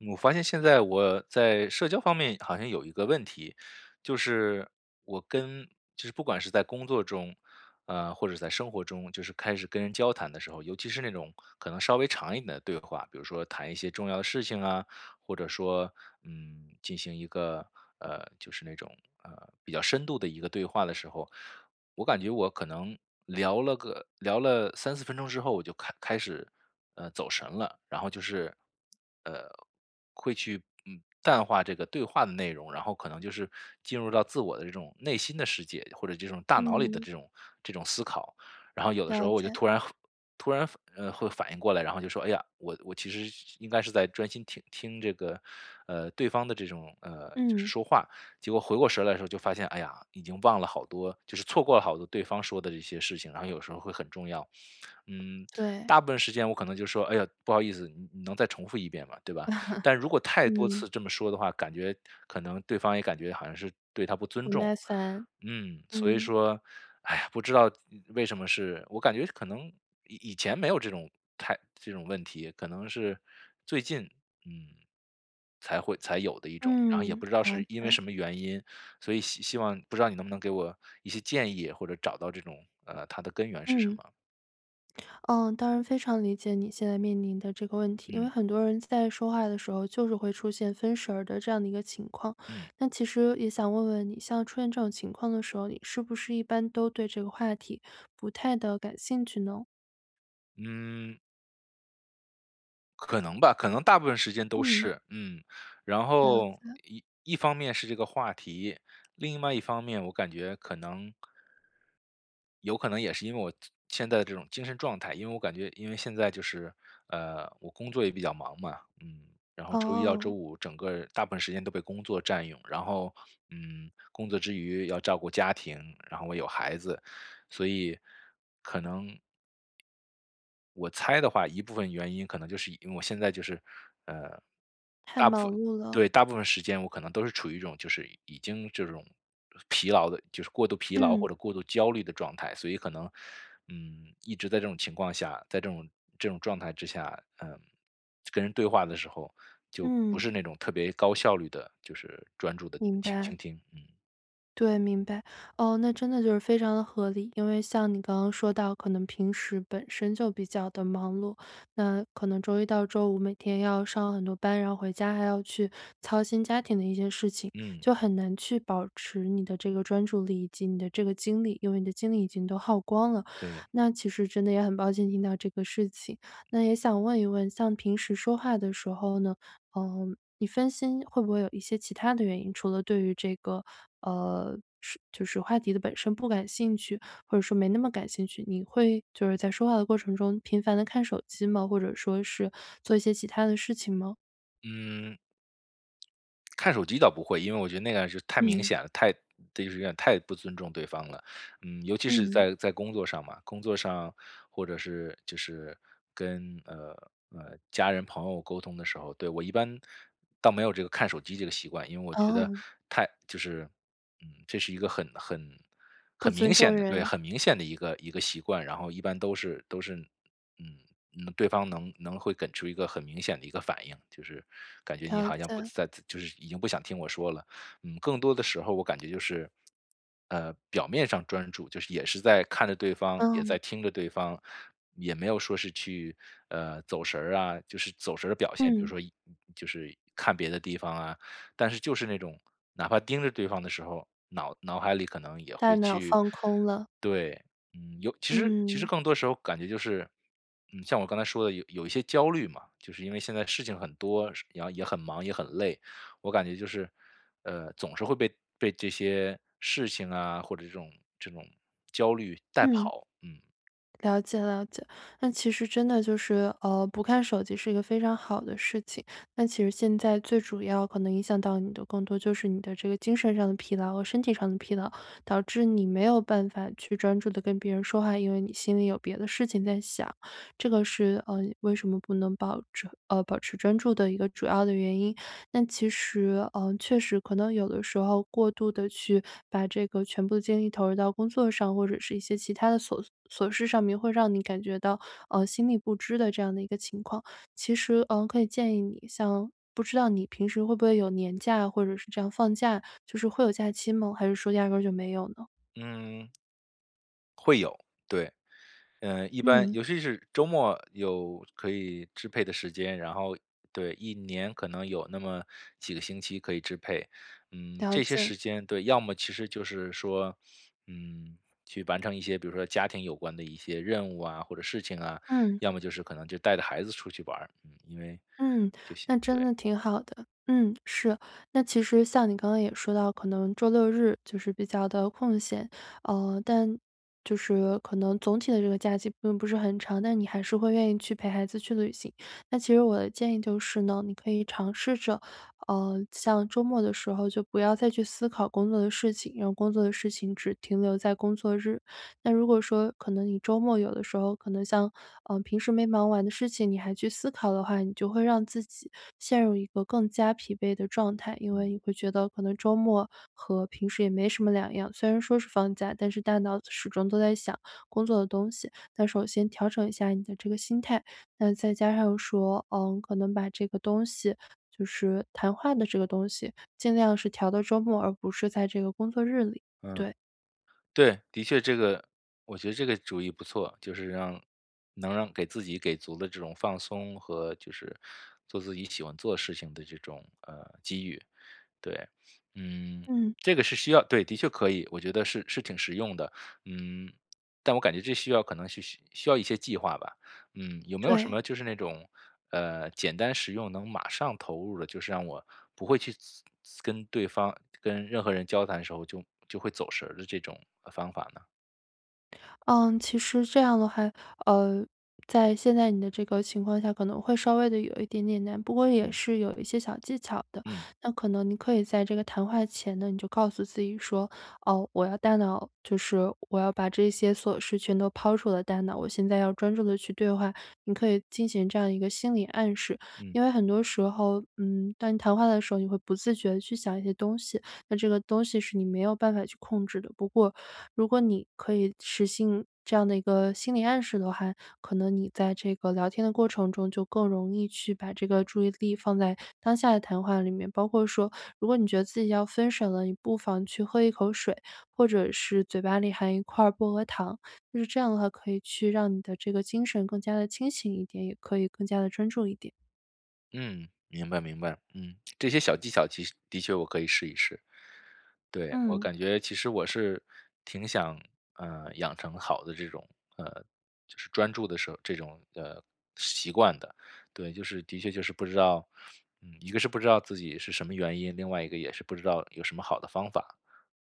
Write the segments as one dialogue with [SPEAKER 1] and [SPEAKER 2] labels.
[SPEAKER 1] 我发现现在我在社交方面好像有一个问题，就是我跟就是不管是在工作中，呃，或者是在生活中就是开始跟人交谈的时候，尤其是那种可能稍微长一点的对话，比如说谈一些重要的事情啊，或者说，嗯，进行一个，呃，就是那种，呃，比较深度的一个对话的时候。我感觉我可能聊了个聊了3-4分钟之后我就开开始，呃，走神了，然后就是呃，会去嗯，淡化这个对话的内容，然后可能就是进入到自我的这种内心的世界，或者这种大脑里的
[SPEAKER 2] 嗯。
[SPEAKER 1] 这种这种思考。然后有的时
[SPEAKER 2] 了
[SPEAKER 1] 候我就
[SPEAKER 2] 解。
[SPEAKER 1] 突然突然反呃，会反应过来，然后就说：“哎呀，我我其实是应该是在专心听听这个，呃，对方的这种，呃，就是
[SPEAKER 2] 嗯。
[SPEAKER 1] 说话。“结果回过神来的时候就发现，哎呀，已经忘了好多就是错过了好多对方说的这些事情，然后有时候会很重要。嗯，
[SPEAKER 2] 对。
[SPEAKER 1] 大部分时间我可能就说：“哎呀，不好意思，你你能再重复一遍吗？”对吧？但是如果太多
[SPEAKER 2] 嗯。
[SPEAKER 1] 次这么说的话，感觉可能对方也感觉好像是对他不尊
[SPEAKER 2] 不
[SPEAKER 1] 重。
[SPEAKER 2] 耐烦，
[SPEAKER 1] 嗯，所以
[SPEAKER 2] 嗯。
[SPEAKER 1] 说，哎呀，不知道嗯为什么是我感觉可能以以前没有这种太这种问题，可能是最近，嗯，才会才有的一种，然后也
[SPEAKER 2] 嗯，
[SPEAKER 1] 不知道
[SPEAKER 2] 好
[SPEAKER 1] 是因为
[SPEAKER 2] 的。
[SPEAKER 1] 什么原因。所以希希望不知道你能不能给我一些建议或者找到这种，呃，它的根源是什
[SPEAKER 2] 嗯。
[SPEAKER 1] 么。
[SPEAKER 2] 嗯，当然非常理解你现在面临的这个问题。因为
[SPEAKER 1] 嗯。
[SPEAKER 2] 很多人在说话的时候，就是会出现分神儿的这样的一个情况。
[SPEAKER 1] 嗯。
[SPEAKER 2] 那其实也想问问你，像出现这种情况的时候，你是不是一般都对这个话题不太地感兴趣呢？
[SPEAKER 1] 嗯。可能吧。可能大部分时间都
[SPEAKER 2] 嗯。
[SPEAKER 1] 是。嗯，然
[SPEAKER 2] 了
[SPEAKER 1] 后
[SPEAKER 2] 解。
[SPEAKER 1] 一一方面是这个话题，另外一方面我感觉可能有可能也是因为我现现在的这种精神状态，因为我感觉因为现在就是，呃，我工作也比较忙嘛，嗯，然后周一到周
[SPEAKER 2] 哦。
[SPEAKER 1] 五整个大部分时间都被工作占用。然后，嗯，工作之余要照顾家庭，然后我有孩子，所以可能我猜的话一部分原因可能就是因为我现在就是，呃，
[SPEAKER 2] 太
[SPEAKER 1] 大部
[SPEAKER 2] 忙
[SPEAKER 1] 分
[SPEAKER 2] 碌了。
[SPEAKER 1] 对，大部分时间我可能都是处于一种就是已经这种疲劳的就是过度疲劳
[SPEAKER 2] 嗯。
[SPEAKER 1] 或者过度焦虑的状态，所以可能，嗯，一直在这种情况下，在这种这种状态之下，呃，跟人对话的时候就不
[SPEAKER 2] 嗯。
[SPEAKER 1] 是那种特别高效率地就是专注地
[SPEAKER 2] 明
[SPEAKER 1] 倾
[SPEAKER 2] 白。
[SPEAKER 1] 倾听。嗯。
[SPEAKER 2] 对，明白。哦，那真的就是非常的合理。因为像你刚刚说到可能平时本身就比较地忙碌，那可能周一到周五每天要上很多班，然后回家还要去操心家庭的一些事情，
[SPEAKER 1] 嗯。
[SPEAKER 2] 就很难去保持你的这个专注力以及你的这个精力，因为你的精力已经都耗光了。
[SPEAKER 1] 对。
[SPEAKER 2] 那其实真的也很抱歉听到这个事情。那也想问一问像平时说话的时候呢，呃，你分心会不会有一些其他的原因。除了对于这个，呃，是就是话题的本身不感兴趣，或者说没那么感兴趣，你会就是在说话的过程中频繁地看手机吗？或者说是做一些其他的事情吗？
[SPEAKER 1] 嗯看手机倒不会，因为我觉得那样是太明
[SPEAKER 2] 嗯。
[SPEAKER 1] 显了，太这就是有点太不尊重对方了。嗯，尤其是
[SPEAKER 2] 嗯。
[SPEAKER 1] 在在工作上嘛，工作上或者是就是跟，呃，呃，家人朋友沟通的时候对，我一般倒没有这个看手机这个习惯，因为我觉得
[SPEAKER 2] 哦。
[SPEAKER 1] 太就是，嗯，这是一个很很
[SPEAKER 2] 不
[SPEAKER 1] 很明
[SPEAKER 2] 尊重
[SPEAKER 1] 显的，对，
[SPEAKER 2] 人。
[SPEAKER 1] 很明显的一个一个习惯，然后一般都是都是，嗯，嗯，对方能能会给出一个很明显的一个反应，就是感觉你
[SPEAKER 2] 了
[SPEAKER 1] 好像不
[SPEAKER 2] 解。
[SPEAKER 1] 在在就是已经不想听我说了。嗯，更多的时候我感觉就是，呃，表面上专注，就是也是在看着对方、也
[SPEAKER 2] 嗯。
[SPEAKER 1] 在听着对方，也没有说是去，呃，走神儿啊就是走神儿的表现，比如
[SPEAKER 2] 嗯。
[SPEAKER 1] 说一嗯，嗯，就是看别的地方啊，但是就是那种哪怕盯着对方的时候，脑脑海里可能也
[SPEAKER 2] 大
[SPEAKER 1] 会
[SPEAKER 2] 脑
[SPEAKER 1] 去
[SPEAKER 2] 放空了。
[SPEAKER 1] 对。嗯，有其实其实
[SPEAKER 2] 嗯。
[SPEAKER 1] 更多时候感觉就是，嗯，像我刚才说的有有一些焦虑嘛，就是因为现在事情很多，事然后也很忙、也很累，我感觉就是，呃，总是会被被这些事情啊、或者这种这种焦虑带
[SPEAKER 2] 嗯。
[SPEAKER 1] 跑，嗯。
[SPEAKER 2] 了解了解。那其实真的就是，呃，不看手机是一个非常好的事情。那其实现在最主要可能影响到你的更多就是你的这个精神上的疲劳和身体上的疲劳，导致你没有办法去专注地跟别人说话，因为你心里有别的事情在想，这个是，呃，为什么不能保持呃，保持专注的一个主要的原因。但其实，呃，确实可能有的时候过度地去把这个全部的精力投入到工作上，或者是一些其它的琐琐事上面会让你感觉到，呃，心力不支的这样的一个情况。其实，呃，可以建议你像不知道你平时会不会有年假，或者是这样放假，就是会有假期吗？还是说压根儿就没有呢？
[SPEAKER 1] 嗯会有，对。呃，一般
[SPEAKER 2] 嗯。
[SPEAKER 1] 尤其是周末有可以支配的时间，然后，对，1年可能有那么几个星期可以支配。嗯，
[SPEAKER 2] 了
[SPEAKER 1] 这些
[SPEAKER 2] 解。
[SPEAKER 1] 时间对，要么其实就是说，嗯，去完成一些比如说家庭有关的一些任务啊或者事情啊，
[SPEAKER 2] 嗯。
[SPEAKER 1] 要么就是可能就带着孩子出去玩儿，嗯，因为
[SPEAKER 2] 嗯，
[SPEAKER 1] 就像
[SPEAKER 2] 那真
[SPEAKER 1] 对。
[SPEAKER 2] 的挺好的，嗯，是。那其实像你刚刚也说到可能周六日就是比较地空闲，呃，但就是可能总体的这个假期并不是很长，但你还是会愿意去陪孩子去旅行。那其实我的建议就是呢，你可以尝试着，呃，像周末的时候就不要再去思考工作的事情，让工作的事情只停留在工作日。那如果说可能你周末有的时候，可能像，嗯，平时没忙完的事情，你还去思考的话，你就会让自己陷入一个更加疲惫的状态。因为
[SPEAKER 1] 嗯。
[SPEAKER 2] 你会觉得可能周末和平时也没什么两样，虽然说是放假，但是大脑始终都在想工作的东西。那首先调整一下你的这个心态，那再加上说，嗯，可能把这个东西就是谈话的这个东西尽量是调到周末，而不是在这个工作日里，
[SPEAKER 1] 嗯。
[SPEAKER 2] 对。
[SPEAKER 1] 对，的确这个我觉得这个主意不错，就是让能让给自己给足了这种放松和就是做自己喜欢做的事情的这种，呃，机遇，对。嗯，
[SPEAKER 2] 嗯。
[SPEAKER 1] 这个是需要对，的确可以，我觉得是是挺实用的。嗯，但我感觉这需要可能需需需要一些计划吧。嗯，有没有什
[SPEAKER 2] 对。
[SPEAKER 1] 么就是那种，呃，简单实用能马上投入的，就是让我不会去自自跟对方跟任何人交谈的时候就就会走神儿的这种，呃，方法呢？
[SPEAKER 2] 呃，其实这样的话，呃，在现在你的这个情况下，可能会稍微的有一点点难，不过也
[SPEAKER 1] 嗯。
[SPEAKER 2] 是有一些小技巧的。
[SPEAKER 1] 嗯。
[SPEAKER 2] 那可能你可以在这个谈话前呢，你就告诉自己说：“哦，我要大脑就是我要把这些琐事全都抛出我的大脑，我现在要专注地去对话”，你可以进行这样一个心理暗示。
[SPEAKER 1] 嗯。
[SPEAKER 2] 因为很多时候，嗯，当你谈话的时候，你会不自觉地去想一些东西，那这个东西是你没有办法去控制的。不过如果你可以实行这样的一个心理暗示的话，可能你在这个聊天的过程中，就更容易去把这个注意力放在当下的谈话里面，包括说如果你觉得自己要分手了，你不妨去喝一口水，或者是嘴巴里含一块薄荷糖，就是这样的话可以去让你的这个精神更加地清醒一点，也可以更加地专注一点。
[SPEAKER 1] 嗯，明白明白。嗯，这些小技巧，其实的确我可以试一试。对，我
[SPEAKER 2] 嗯。
[SPEAKER 1] 感觉其实我是，挺想，呃，养成好的这种呃，就是专注的时候这种，呃，习惯的，对。就是的确就是不知道嗯，一个是不知道自己是什么原因，另外一个也是不知道有什么好的方法？，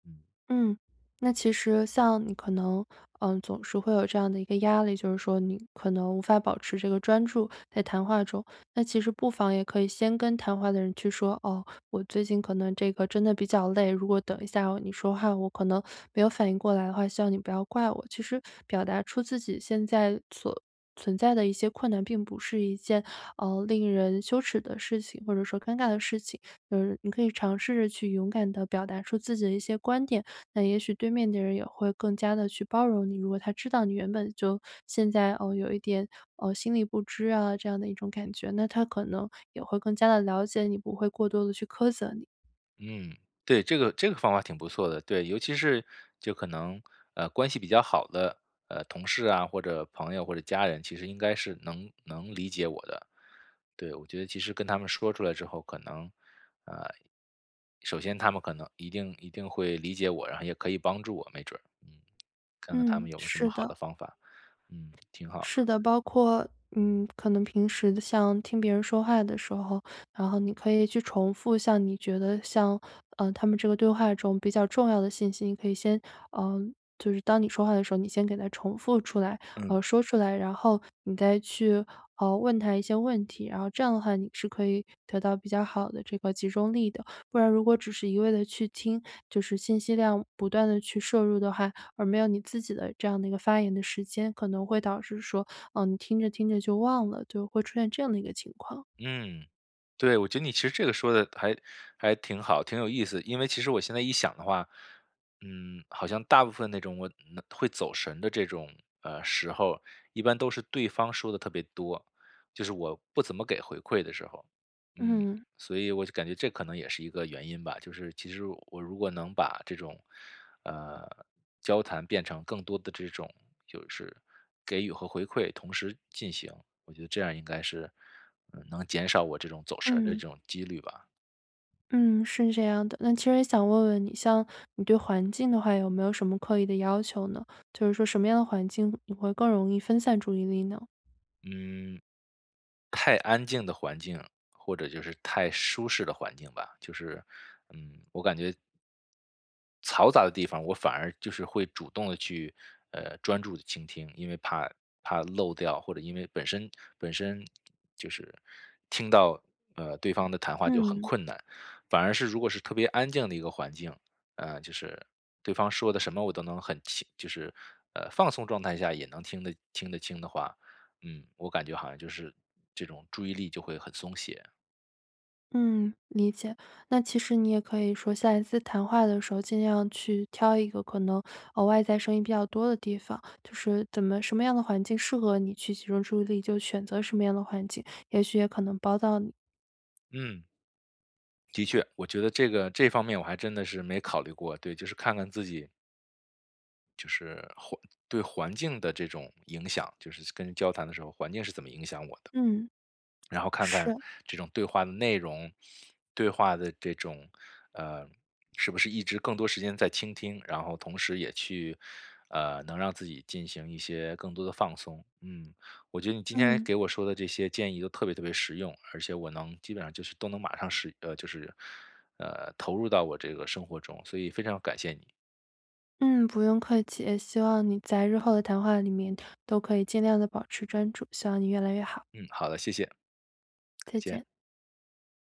[SPEAKER 1] 嗯。
[SPEAKER 2] 嗯，那其实像你可能，呃，总是会有这样的一个压力，就是说你可能无法保持这个专注，在谈话中。那其实不妨也可以先跟谈话的人去说：“哦，我最近可能这个真的比较累，如果等
[SPEAKER 1] 嗯。
[SPEAKER 2] 一下你说话，我可能没有反应过来的话，希望你不要怪我。”其实表达出自己现在所存在的一些困难，并不是一件，呃，令人羞耻的事情，或者说尴尬的事情。呃，你可以尝试着去勇敢地表达出自己的一些观点，那也许对面的人也会更加地去包容你，如果他知道你原本就现在，哦，有一点，哦，心力不支这样的一种感觉，那他可能也会更加地了解你，不会过多地去苛责你。
[SPEAKER 1] 嗯，对。这个这个方法挺不错的，对，尤其是就可能，呃，关系比较好的呃，同事啊或者朋友或者家人其实应该是能能理解我的。对，我觉得其实跟他们说出来之后，可能，呃，首先他们可能一定一定会理解我，然后也可以帮助我，没准儿。嗯。看看他
[SPEAKER 2] 嗯，
[SPEAKER 1] 们有没有什
[SPEAKER 2] 是
[SPEAKER 1] 么好
[SPEAKER 2] 的。
[SPEAKER 1] 的方法，嗯，挺好。
[SPEAKER 2] 是的，包括，嗯，可能平时像听别人说话的时候，然后你可以去重复像你觉得像呃，他们这个对话中比较重要的信息，你可以先，呃，就是当你说话的时候，你先给它重复出来，
[SPEAKER 1] 嗯。
[SPEAKER 2] 呃，说出来。然后你再去，呃，问他一些问题，然后这样的话你是可以得到比较好的这个集中力的。不然如果只是一味地去听，就是信息量不断地去摄入的话，而没有你自己的这样的一个发言的时间，可能会导致说，呃，你听着听着就忘了，就会出现这样的一个情况。
[SPEAKER 1] 嗯，对，我觉得你其实这个说得还还挺好、挺有意思。因为其实我现在一想的话，嗯，好像大部分那种我嗯，会走神的这种，呃，时候，一般都是对方说得特别多。就是我不怎么给回馈的时候，嗯，
[SPEAKER 2] 嗯。
[SPEAKER 1] 所以我就感觉这可能也是一个原因吧。就是其实我如果能把这种，呃，交谈变成更多的这种就是给予和回馈同时进行，我觉得这样应该是，嗯，能减少我这种走神儿的这
[SPEAKER 2] 嗯。
[SPEAKER 1] 种几率吧。
[SPEAKER 2] 嗯，是这样的。那其实想问问你，像你对环境的话有没有什么刻意的要求呢？就是说什么样的环境你会更容易分散注意力呢？
[SPEAKER 1] 嗯。太安静的环境，或者就是太舒适的环境吧，就是，嗯，我感觉嘈杂的地方，我反而就是会主动地去，呃，专注地倾听，因为怕怕漏掉，或者因为本身本身就是听到，呃，对方的谈话就很
[SPEAKER 2] 嗯。
[SPEAKER 1] 困难。反而是如果是特别安静的一个环境，呃，就是对方说的什么我都能很清就是，呃，放松状态下也能听得听得清的话，嗯，我感觉好像就是这种注意力就会很松懈。
[SPEAKER 2] 嗯，理解。那其实你也可以说下一次谈话的时候尽量去挑一个可能，呃，外在声音比较多的地方，就是怎么什么样的环境适合你去集中注意力，就选择什么样的环境。也许也可能帮到你。
[SPEAKER 1] 嗯。的确，我觉得这个这方面我还真的是没考虑过，对，就是看看自己就是环对环境的这种影响，就是跟交谈的时候，环境是怎么影响我的。
[SPEAKER 2] 嗯。
[SPEAKER 1] 然后看看
[SPEAKER 2] 是。
[SPEAKER 1] 这种对话的内容，对话的这种，呃，是不是一直更多时间在倾听，然后同时也去，呃，能让自己进行一些更多的放松。嗯，我觉得你今天
[SPEAKER 2] 嗯。
[SPEAKER 1] 给我说的这些建议都特别特别实用，而且我能基本上就是都能马上是呃就是，呃，投入到我这个生活中，所以非常感谢你。
[SPEAKER 2] 嗯，不用客气。也希望你在日后的谈话里面都可以尽量地保持专注，希望你越来越好。
[SPEAKER 1] 嗯，好的，谢谢。再
[SPEAKER 2] 再
[SPEAKER 1] 见。
[SPEAKER 2] 见。